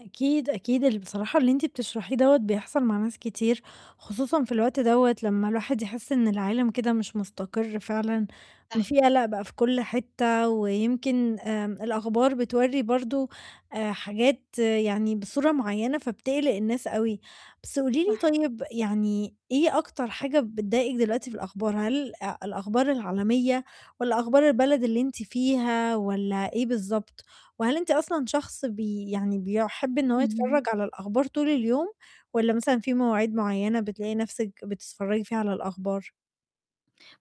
أكيد، أكيد ال بصراحة اللي أنتِ بتشرحيه دَوّة بيحصل مع ناس كتير، خصوصًا في الوقت دَوّة لمّا الواحد يحِس إن العالم كده مش مُستقر فعلًا، إن صح. في قَلق بقى في كل حتّة ويمكن آمم، الأخبار بتوَرّي برضه آآ، حاجات يعني بصورة معيّنة فبتقلِق الناس أوي. بس قولي لي صح. طيب، يعني إيه أكتر حاجة بتضايقِك دلوقتي في الأخبار، هل آآ، الأخبار العالمية والّا أخبار البلد اللي أنتِ فيها والّا إيه بالضبط؟ وهل أنتِ أصلًا شخص بي يعني بيُحب إن هو اهم. يتفرَّج على الأخبار طول اليوم والّا مثلًا في مواعيد معيّنة بتلاقي نَفْسِك بتتفرَّجي فيها على الأخبار؟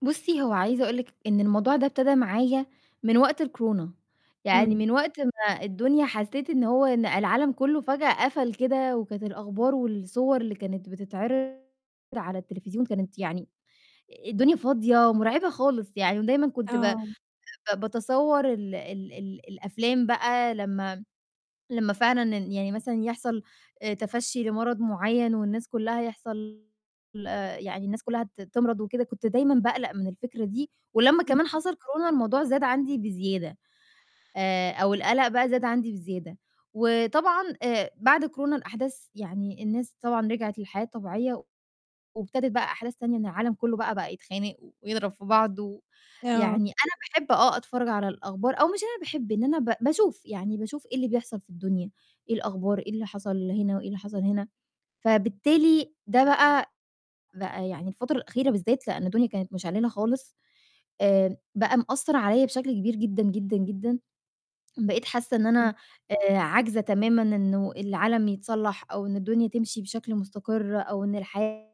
بُصّي، هو عايزة أقول لِك إن الموضوع ده ابتدا معايا من وقت الكورونا، يعني إمم. من وقت ما الدنيا حسّيت إن هو إن العالم كلّه فجأة قَفل كده وكانت الأخبار والصور اللي كانت بتتعِرض على التليفزيون كانت يعني الدنيا فاضية ومُرعبة خالص يعني ودايمًا كنت ب آآ آه. ب باتصوّر ال ال ال الأفلام بقى لمّا م لمّا فعلًا إن يعني مثلًا يحصل آآ، تفَشّي لمرض معيّن والناس كلّها يحصل آآ، يعني الناس كلّها ت تِمرَض وكده، كنت دايمًا باقلَق من الفكرة دي ولمّا كمان اهم. حصل كورونا الموضوع زاد عندي بزيادة آآ، أو القلق بقى زاد عندي بزيادة وطبعًا آآ، بعد كورونا الأحداث يعني الناس طبعًا رِجعِت للحياة الطبيعية و وابتدِت بقى أحداث تانية إن العالم كلّه بقى، بقى يتخانق و ويضرَب في بعض، و آه. يعني أنا باحب آه، أتفرّج على الأخبار أو مش أنا باحب إن أنا ب باشوف، يعني باشوف إيه اللي بيحصل في الدنيا، إيه الأخبار، إيه اللي حصل هنا وإيه اللي حصل هنا. فبالتالي ده بقى بقى يعني الفترة الأخيرة بالذّات لإن الدنيا كانت مِشعللة خالص، آمم، بقى مأثّر عليّا بشكل كبير جدًا، جدًا، جدًا، بقيت حاسّة إن إمم. أنا آآ، عاجزة تمامًا إنه العالم يتصلّح أو إن الدنيا تمشي بشكل مُستقِر أو إن الحياة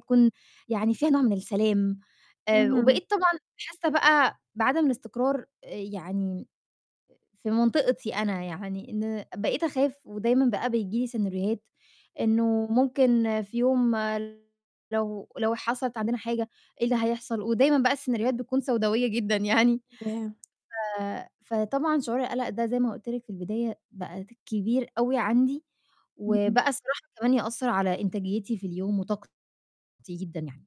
تكون يعني فيها نوع من السلام، آآ، اهم. وبقيت طبعًا حاسّة بقى بعدم الإستقرار آآ، يعني م في منطقتي أنا يعني إن بقيت أخاف ودايمًا بقى بييجي لي سيناريوهات إنه ممكن في يوم لو لو حصلت عندنا حاجة إيه اللي هيحصل ودايمًا بقى السيناريوهات بتكون سَوداويّة جدًا يعني، [unintelligible] ف فطبعًا شُعور القَلق ده زي ما قُلت لِك في البداية بقى ت كبير أوي عندي اهم. وبقى الصراحة كمان يأثّر على إنتاجيتي في اليوم وطاقتي جدًا يعني.